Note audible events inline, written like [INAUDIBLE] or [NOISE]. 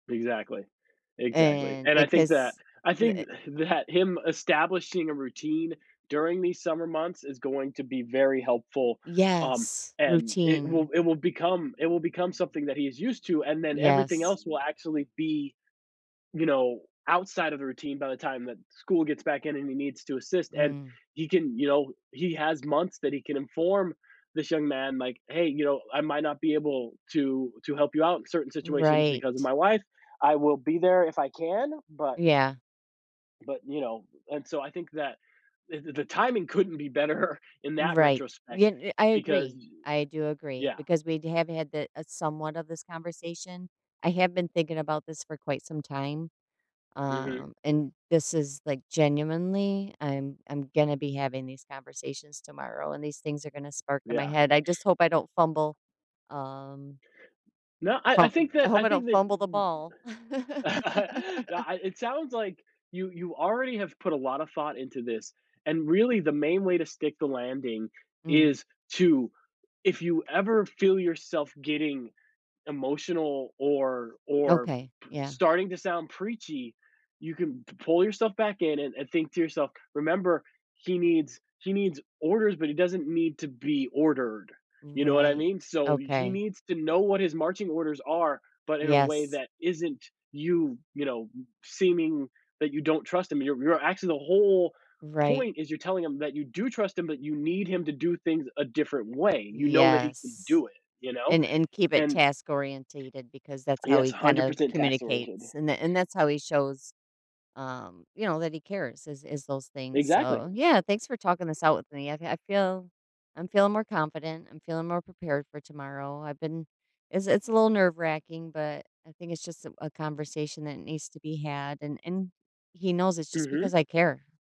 Exactly. Exactly. And, And I like, think that his I th think e [EXHALES] that him establishing a routine during these summer months is going to be very helpful, um, Yes. and it will Routine. it will become it will become something that he is used to, and then everything Yes. else will actually be, you know, outside of the routine by the time that school gets back in and he needs to assist, and Mm. he can, you know he has months that he can inform this young man like, "Hey, you know, I might not be able to to help you out in certain situations because of Right. my wife. I will be there if I can, but" Yeah. "but, you know" And, so, I think that the the the timing couldn't be better in that Right. Ye retrospect n I because, agree, eh I do agree Yeah. because we'd have had the a somewhat of this conversation. I have been thinking about this for quite some time, Mhm. um, and this is, like genuinely, I'm I'm gonna be having these conversations tomorrow, and these things are gonna spark in my Yeah. head, I just hope I don't fumble, um No, I I fum uh, think I that hope I I think don't fumble the that ball. [CHUCKLES] No, [LAUGHS] I it sounds like you you already have put a lotta thought into this and, really, the main way to stick the landing Mm. is to if you ever feel yourself getting emotional or or Okay, p yeah. starting to sound preachy, you can p pull yourself back in and and think to yourself, "Remember, he needs he needs orders, but he doesn't need to be ordered." You know what I Right. mean? So, y he Okay. needs to know what his marching orders are, but in a way Yes. that isn't you, you know, b seeming that you don't trust him. You're you're actually, the whole Right. point is you're telling him that you do trust him, but you need him to do things a different way, you know that he can Yes, do it, you know? and and keep it And task-orientated because that's how Yes, he a kind hundred of percent task-oriented. communicates, and th and that's how he shows, um, you know, that he cares is is those things. Exactly. So, yeah, thanks for talking this out with me, I I feel I'm feeling more confident, I'm feeling more prepared for tomorrow, I've been it's it's a little nerve racking, but I think it's just, uh, a conversation that needs to be had, and and he knows it's just Mhm. because I care.